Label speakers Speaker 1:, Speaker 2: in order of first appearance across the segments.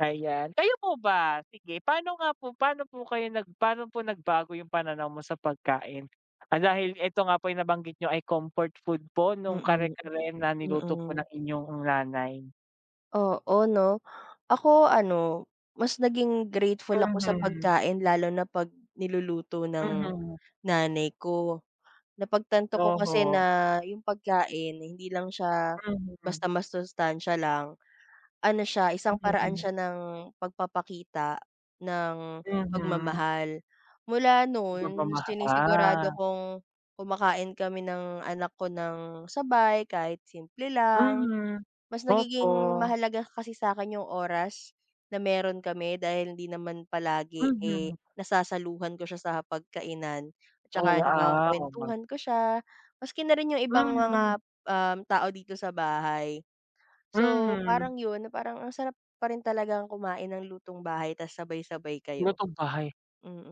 Speaker 1: Ayan. Kayo po ba, sige, pa'no nga po pa'no po kayo nag pa'no po nagbago 'yong pananaw mo sa pagkain? Ah, dahil ito nga po 'yong nabanggit niyo ay comfort food po no'ng
Speaker 2: Mm,
Speaker 1: kare-kare na
Speaker 2: m
Speaker 1: niluto po
Speaker 2: mm.
Speaker 1: ng inyong nanay.
Speaker 2: Oo, 'no. Ako ano, mas naging grateful ako sa
Speaker 1: Mhm.
Speaker 2: pagkain lalo na 'pag niluluto ng,
Speaker 1: Mhm.
Speaker 2: nanay ko. Napagtanto ko kasi
Speaker 1: Oho.
Speaker 2: na 'yong pagkain, eh, hindi lang siya,
Speaker 1: Mhm.
Speaker 2: basta masustansiya lang. Ano siya, isang paraan
Speaker 1: Mm.
Speaker 2: siya ng pagpapakita, ng
Speaker 1: Mhm.
Speaker 2: pagmamahal. Mula
Speaker 1: Kumbaga
Speaker 2: noon,
Speaker 1: maha
Speaker 2: sinisigurado
Speaker 1: ah.
Speaker 2: kong, kumakain kami ng anak ko nang sabay kahit simple lang.
Speaker 1: Mhm.
Speaker 2: Mas nagiging
Speaker 1: Opo.
Speaker 2: mahalaga kasi sa'kin 'yong oras, na meron kami dahil hindi naman palagi, eh,
Speaker 1: Mhm.
Speaker 2: nasasaluhan ko siya sa hapag-kainan at
Speaker 1: Oo
Speaker 2: saka
Speaker 1: ah, o mag
Speaker 2: nakakakuwentuhan ko siya, maski na rin 'yong ibang mga,
Speaker 1: Mhm.
Speaker 2: um, tao dito sa bahay. So,
Speaker 1: Mhm.
Speaker 2: parang 'yon, na parang ang sarap pa rin talagang kumain ng lutong-bahay ta's sabay-sabay kayo.
Speaker 1: Lutong-bahay.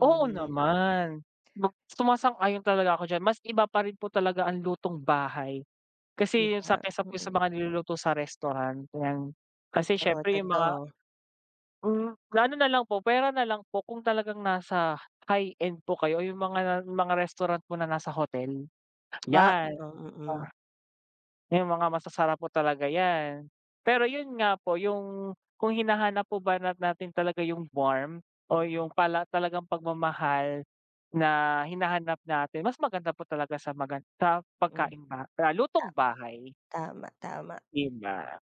Speaker 1: Oo naman, 'no, sumasang-ayon talaga ako diyan. Mas iba pa rin po talaga ang lutong-bahay,
Speaker 2: 'Di
Speaker 1: kasi, 'yong sa
Speaker 2: ba?
Speaker 1: kaysa po sa
Speaker 2: Mm.
Speaker 1: mga niluluto sa restaurant 'yan. Kasi
Speaker 2: Totoo,
Speaker 1: siyempre, 'yong mga
Speaker 2: totoo.
Speaker 1: Mm. Gano na lang po, puwera na lang po kung talagang nasa high end po kayo, o 'yong mga na mga restaurant po na nasa hotel.
Speaker 2: A
Speaker 1: 'Yan, 'di
Speaker 2: oo, mm.
Speaker 1: ba, 'yong mga masasarap po talaga 'yan. Pero 'yon nga po, 'yong kung hinahanap po ba na natin talaga 'yong warm o 'yong pala talagang pagmamahal, na hinahanap natin, mas maganda po talaga sa magan sa
Speaker 2: Mm.
Speaker 1: pagkaing ba ah,
Speaker 2: Tama.
Speaker 1: lutong-bahay.
Speaker 2: Tama, tama.
Speaker 1: 'Di ba?